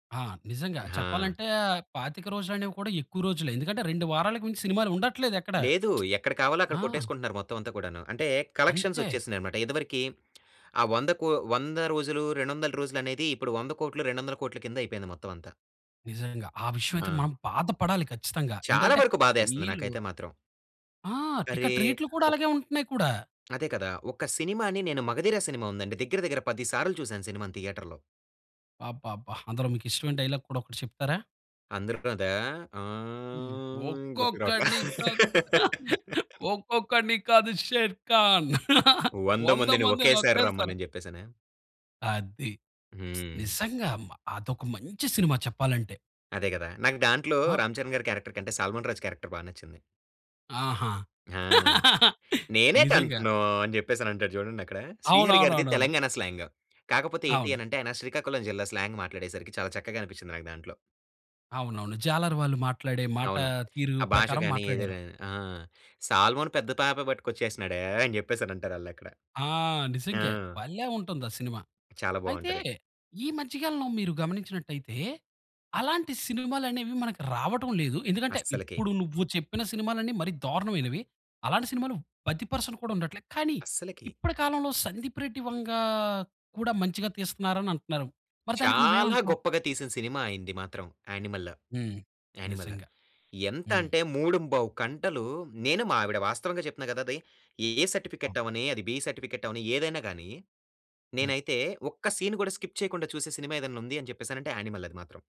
ఆ! నిజంగా ఆ! చెప్పాలంటే 25 రోజులనేవి కూడా ఎక్కువ రోజులె ఎందుకంటే 2 వారాలకు మించి సినిమాలు ఉండట్లేదెక్కడ. లేదు. ఎక్కడ కావాలో అక్కడ ఆ! కొట్టేసుకుంటున్నారు మొత్తమంతా కూడాను. అంటే కలెక్షన్స్ అంతే. వచ్చేసినాయన్నమాట. ఇదివరకి ఆ 100 కో 100 రోజులు 200 రోజులనేది ఇప్పుడు 100,00,00,000 200,00,00,000 కింద అయిపోయింది మొత్తమంతా. నిజంగా. ఆ విషయమయితే ఆ! మనం బాధ పడాలి ఖచ్చితంగా. చాలా ఏంటంటే వరకు బాధేస్తుంది వీళ్ళు నాకైతే మాత్రం. ఆ! అరే! టికెట్ రేట్లు కూడా ఒక్ అలాగే ఉంటున్నాయి కూడా. అదే కదా! ఒక సినిమా‌ని నేను మగధీర సినిమా ఉందండి. దగ్గర దగ్గర పది సార్లు చూసాను సినిమా థియేటర్‌లో. అబ్బబ్బా! అందులో మీకిష్టమైన డైలాగ్ కూడా ఒకటి చెప్తారా? అందరు [unintelligible] హ్మ్. ఆహ్, గుర్తుకు రావట్లే. ఒక్కొక్కడిని కాదు. ఒక్కొక్కడిని కాదు షేర్ఖాన్ 100 వందమందిని ఒకేసారి మందినోకేసారి రమ్మనని చెప్పేసనా? అది. హ్మ్. నిజంగా. అదొక మంచి సినిమా చెప్పాలంటే. అదే కదా! నాకు దాంట్లో ఆ! రామ్ చరణ్ గారి క్యారెక్టర్ కంటే సల్మాన్ రాజ్ క్యారెక్టర్ బా నచ్చింది. ఆహా! ఆ! "నేనేటి నిజంగా. అంటున్నావు" అని చెప్పేసనంటాడు చూడండక్కడ శ్రీహరి గారిది అవునవునవునవును. తెలంగాణ స్లాంగు. కాకపోతే ఏంటి అవును. అనంటే ఆయన శ్రీకాకుళం జిల్లా స్లాంగ్ మాట్లాడేసరికి చాలా చక్కగా అనిపించింది నాకు దాంట్లో. అవునవును. జాలరు వాళ్ళు మాట్లాడే మాట అవును. తీరు ఆ భాష ప్రకారం గాని. మాట్లాడారు. ఏదైనా గాని. ఆ! "సాల్మన్ పెద్ద పాప పట్టుకొచ్చేసినాడే" అని చెప్పేసానంటారాళ్ళక్కడ. ఆ! ఆ! నిజంగా. భలే ఉంటుందా సినిమా. చాలా అయితే బావుంటది. ఈ మధ్య కాలంలో మీరు గమనించినట్టయితే అలాంటి సినిమాలనేవి మనకు రావటం లేదు. ఎందుకంటే అస్సలకి. ఇప్పుడు నువ్వు చెప్పిన సినిమాలన్ని మరి దారుణమైనవి. అలాంటి సినిమాలు 10% కూడా ఉండట్లేదు. కానీ అస్సలకి. ఇప్పటి కాలంలో సందీప్ రెడ్డి వంగ కూడా మంచిగా తీస్తున్నారని అంటున్నారు. మరి దానికి చాలా నువ్వేమంటావు? గొప్పగా తీసిన సినిమాయింది మాత్రం యానిమల్‌. హ్మ్. యానిమల్ నిజంగా. హ్మ్. ఎంతంటే 3:15 కంటలు నేను మా ఆవిడ వాస్తవంగా చెప్తున్నా కదా! అది. ఏ సర్టిఫికేట్ అవ్వని, అది బి సర్టిఫికేట్ అవ్వని ఏదైనా గాని, హ్మ్. నేనైతే ఒక్క సీన్ కూడా స్కిప్ చేయకుండా చూసే సినిమా ఏదైనా ఉంది అని చెప్పేసనంటే యానిమల్ అది మాత్రం.